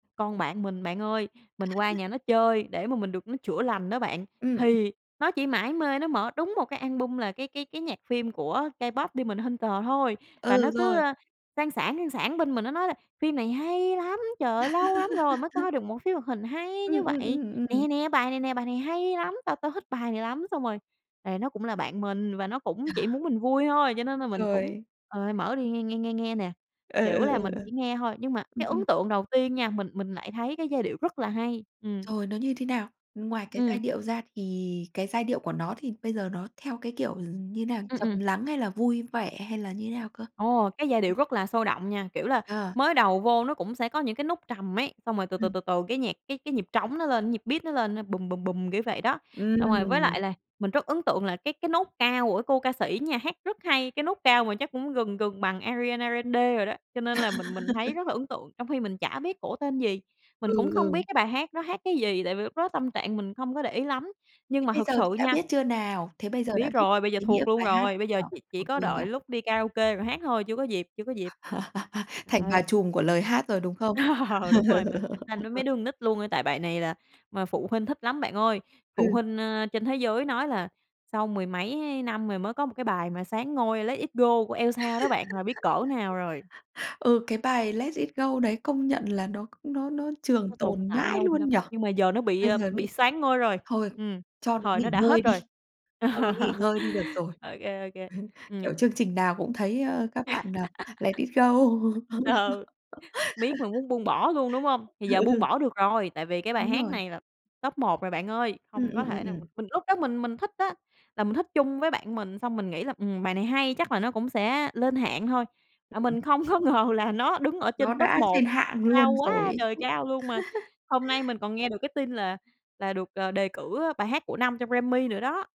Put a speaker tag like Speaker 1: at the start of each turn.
Speaker 1: Con bạn mình, bạn ơi, mình qua nhà nó chơi để mà mình được nó chữa lành đó bạn.
Speaker 2: Ừm, ừm.
Speaker 1: Thì nó chỉ mải mê nó mở đúng một cái album, là cái cái cái nhạc phim của K-pop Demon Hunter thôi. Và nó
Speaker 2: Ừ,
Speaker 1: cứ,
Speaker 2: rồi.
Speaker 1: ơ, sang sảng, sang sảng bên mình, nó nói là: "Phim này hay lắm. Trời ơi, lâu lắm rồi mới coi được một phim hoạt hình hay
Speaker 2: Ừm,
Speaker 1: như
Speaker 2: ừm,
Speaker 1: vậy.
Speaker 2: ừm, ừm, ừm.
Speaker 1: Nè, nè, bài này nè, bài này hay lắm, tao tao thích bài này lắm." Xong rồi, tại nó cũng là bạn mình và nó cũng
Speaker 2: Ờ.
Speaker 1: chỉ muốn mình vui thôi, cho nên là mình cũng,
Speaker 2: Rồi.
Speaker 1: ờ, mở đi, nghe, nghe, nghe, nghe nè.
Speaker 2: Ừ,
Speaker 1: Kiểu
Speaker 2: ừ,
Speaker 1: là
Speaker 2: ừ,
Speaker 1: mình
Speaker 2: ừ.
Speaker 1: chỉ nghe thôi, nhưng mà
Speaker 2: Ừm,
Speaker 1: cái ấn
Speaker 2: ừm.
Speaker 1: tượng đầu tiên nha, mình mình lại thấy cái giai điệu rất là hay. Ừm.
Speaker 2: Rồi nó như thế nào? Ngoài cái
Speaker 1: Ừm.
Speaker 2: giai điệu ra thì cái giai điệu của nó, thì bây giờ nó theo cái kiểu gi như thế nào?
Speaker 1: Ừm,
Speaker 2: Trầm
Speaker 1: ừm.
Speaker 2: lắng hay là vui vẻ, hay là như thế nào cơ?
Speaker 1: Ồ, cái giai điệu rất là sôi động nha. Kiểu là
Speaker 2: Ờ.
Speaker 1: mới đầu vô nó cũng sẽ có những cái nốt trầm ấy, xong rồi từ từ,
Speaker 2: Ừm.
Speaker 1: từ từ cái nhạc, cái cái nhịp trống nó lên, nhịp beat nó lên á, bùm, bùm, bùm, kiểu vậy đó. Xong rồi, với
Speaker 2: Ừm.
Speaker 1: lại là mình rất ấn tượng là cái cái nốt cao của cái cô ca sĩ nha, hát rất hay, cái nốt cao mà chắc cũng gần gần bằng Ariana Grande rồi đó. Cho nên là mình mình thấy rất là ấn tượng trong khi mình chả biết cổ tên gì, mình
Speaker 2: Ừ,
Speaker 1: cũng không
Speaker 2: ừ.
Speaker 1: biết cái bài hát nó hát cái gì, tại vì lúc đó tâm trạng mình không có để ý lắm, nhưng
Speaker 2: Thế
Speaker 1: mà
Speaker 2: bây
Speaker 1: thực
Speaker 2: giờ
Speaker 1: sự
Speaker 2: thì đã
Speaker 1: nha
Speaker 2: biết chưa nào? Thế bây giờ đã
Speaker 1: Biết
Speaker 2: biết được
Speaker 1: rồi, bây giờ
Speaker 2: ý nghĩa
Speaker 1: thuộc luôn
Speaker 2: bài hát
Speaker 1: rồi,
Speaker 2: này
Speaker 1: bây
Speaker 2: chưa?
Speaker 1: giờ chỉ chỉ
Speaker 2: Thuộc
Speaker 1: có
Speaker 2: luôn
Speaker 1: đợi
Speaker 2: rồi.
Speaker 1: lúc đi karaoke rồi hát thôi, chưa có dịp, chưa có dịp.
Speaker 2: Thành bà
Speaker 1: Rồi.
Speaker 2: trùm của lời hát rồi, đúng không?
Speaker 1: Ờ, đúng rồi, mình cạnh tranh với mấy đứa con nít luôn, tại bài này là mà phụ huynh thích lắm, bạn ơi. Phụ
Speaker 2: Ừ.
Speaker 1: huynh, ơ, trên thế giới nói là sau mười mấy năm rồi mới có một cái bài mà soán ngôi "Let It Go" của Elsa đó bạn, là biết cỡ nào rồi.
Speaker 2: Ừ, cái bài "Let It Go" đấy công nhận là nó nó nó trường
Speaker 1: Nó tồn
Speaker 2: tồn
Speaker 1: tại
Speaker 2: mãi
Speaker 1: lâu
Speaker 2: luôn
Speaker 1: lắm,
Speaker 2: nhỉ?
Speaker 1: nhưng mà giờ nó bị,
Speaker 2: Bây
Speaker 1: ờ,
Speaker 2: giờ bị
Speaker 1: bị soán ngôi rồi,
Speaker 2: thôi
Speaker 1: ừm,
Speaker 2: cho nó
Speaker 1: thời nó
Speaker 2: nghỉ
Speaker 1: đã
Speaker 2: ngơi
Speaker 1: hết
Speaker 2: đi,
Speaker 1: rồi.
Speaker 2: cho nó nghỉ ngơi đi được rồi.
Speaker 1: Ô kê, ô kê, ừm.
Speaker 2: Kiểu, chương trình nào cũng thấy, ơ, các bạn n "Let It Go". Ừ,
Speaker 1: Ừ, biết mà muốn buông bỏ luôn, đúng hông? Thì giờ buông
Speaker 2: ừ.
Speaker 1: bỏ được rồi, tại vì cái bài
Speaker 2: Đúng
Speaker 1: hát
Speaker 2: rồi.
Speaker 1: này là top 1 rồi, bạn ơi.
Speaker 2: Ừm,
Speaker 1: Hông có
Speaker 2: ừm, ừm,
Speaker 1: thể nào
Speaker 2: ừm.
Speaker 1: mình lúc đó mình mình thích á, là mình thích chung với bạn mình xong mình nghĩ là, ừm, bài này hay, chắc là nó cũng sẽ lên hạng thôi. À,
Speaker 2: Ừm.
Speaker 1: mình không có ngờ là nó đứng ở
Speaker 2: Nó
Speaker 1: trên top
Speaker 2: đã
Speaker 1: 1
Speaker 2: trên hạng
Speaker 1: cao
Speaker 2: luôn rồi
Speaker 1: quá
Speaker 2: ấy
Speaker 1: trời
Speaker 2: chứ.
Speaker 1: cao luôn mà, hôm nay mình còn nghe được cái tin là là được, à, đề cử, ơ, bài hát của năm trong Grammy nữa đó.